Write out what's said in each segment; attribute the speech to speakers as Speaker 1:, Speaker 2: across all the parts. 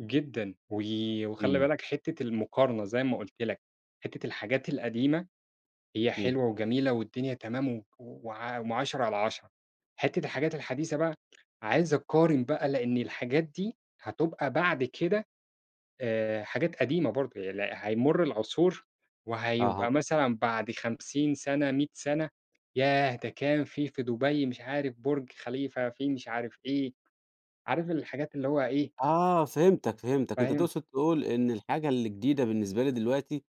Speaker 1: جدًا وي وخلّي
Speaker 2: إمم.
Speaker 1: بالك حتة المقارنة زي ما قُلت لك، حتة الحاجات القديمة هي
Speaker 2: إمم.
Speaker 1: حلوة وجميلة والدنيا تمام و وع وم عشرة على عشرة. حتة الحاجات الحديثة بقى، عايز أقارن بقى لإن الحاجات دي هتُبقى بعد كده آآ، حاجات قديمة برضه [unintelligible] هيمُر العصور،
Speaker 2: أها.
Speaker 1: وهيبقى مثلًا بعد 50 سنة 100 سنة ياه ده كان في في دُبَي مش عارف بُرج خليفة، فيه مش عارف إيه، عارف الحاجات اللي هو إيه
Speaker 2: آه، فهمتك، فهمتك، أنت
Speaker 1: فاهم؟
Speaker 2: تقصد تقول إن الحاجة اللي جديدة بالنسبة لي دلوقتي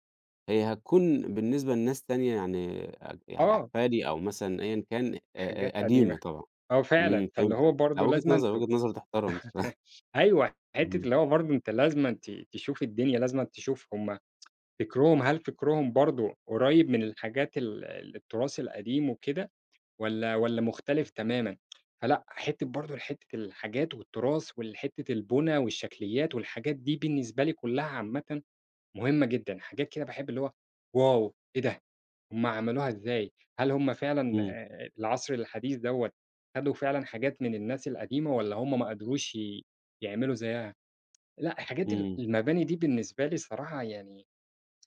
Speaker 2: هي هتكون بالنسبة لناس تانية يعني أج يعني
Speaker 1: آه.
Speaker 2: أحفادي أو مثلًا أيًا كان أ أ
Speaker 1: حاجات
Speaker 2: قديمة
Speaker 1: قديمة،
Speaker 2: طبعًا
Speaker 1: آه، فعلًا
Speaker 2: إمم،
Speaker 1: فاللي هو
Speaker 2: فهمتك لأ
Speaker 1: برضو
Speaker 2: وجهة
Speaker 1: لازمًا
Speaker 2: نَظَر
Speaker 1: تب
Speaker 2: وجهة نَظَر تُحتَرم بصراحة.
Speaker 1: أيوه حتة
Speaker 2: إمم.
Speaker 1: اللي هو برضو أنت لازمًا ت تشوف الدنيا لازمًا تشوف هُم فِكرُهم هل فِكرُهم برضو قُريّب من الحاجات ال التراث القديم وكده والّا والّا مُختلف تمامًا؟ فلأ حتة برضه حتة الحاجات والتراث والحتة البُنى والشكليات والحاجات دي بالنسبة لي كلها عامةً مهمة جدًا، حاجات كده باحب اللي هو واو! ايه ده! هُم عملوها إزاي؟ هل هُم فعلًا
Speaker 2: إمم.
Speaker 1: آآ العصر الحديث دوّة خدوا فعلًا حاجات من الناس القديمة، والّا هُم ما قدروش ي يعملوا زيها؟ لأ حاجات ال
Speaker 2: إمم.
Speaker 1: المباني دي بالنسبة لي صراحة يعني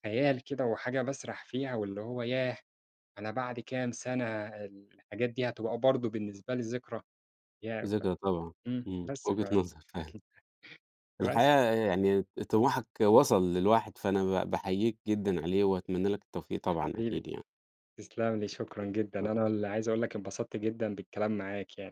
Speaker 1: خيال كده، وحاجة باسرح فيها واللي هو ياه! أنا بعد كام سنة الحاجات دي هتبقى برضو بالنسبة ذِكرى! يا ب
Speaker 2: ذكرى طبعًا،
Speaker 1: إمم
Speaker 2: إمم،
Speaker 1: بس ف
Speaker 2: وجهة نَظَر.
Speaker 1: [unintelligible] بس.
Speaker 2: الحقيقة يعني طموحك وصل للواحد فأنا ب باحييك جدًا عليه، وأتمنى لك التوفيق طبعًا
Speaker 1: حبيبي
Speaker 2: أكيد يعني.
Speaker 1: تسلم لي، شكرًا جدًا، أنا
Speaker 2: [unintelligible]
Speaker 1: اللي عايز اقول لك انبسطت جدًا بالكلام معاك يعني.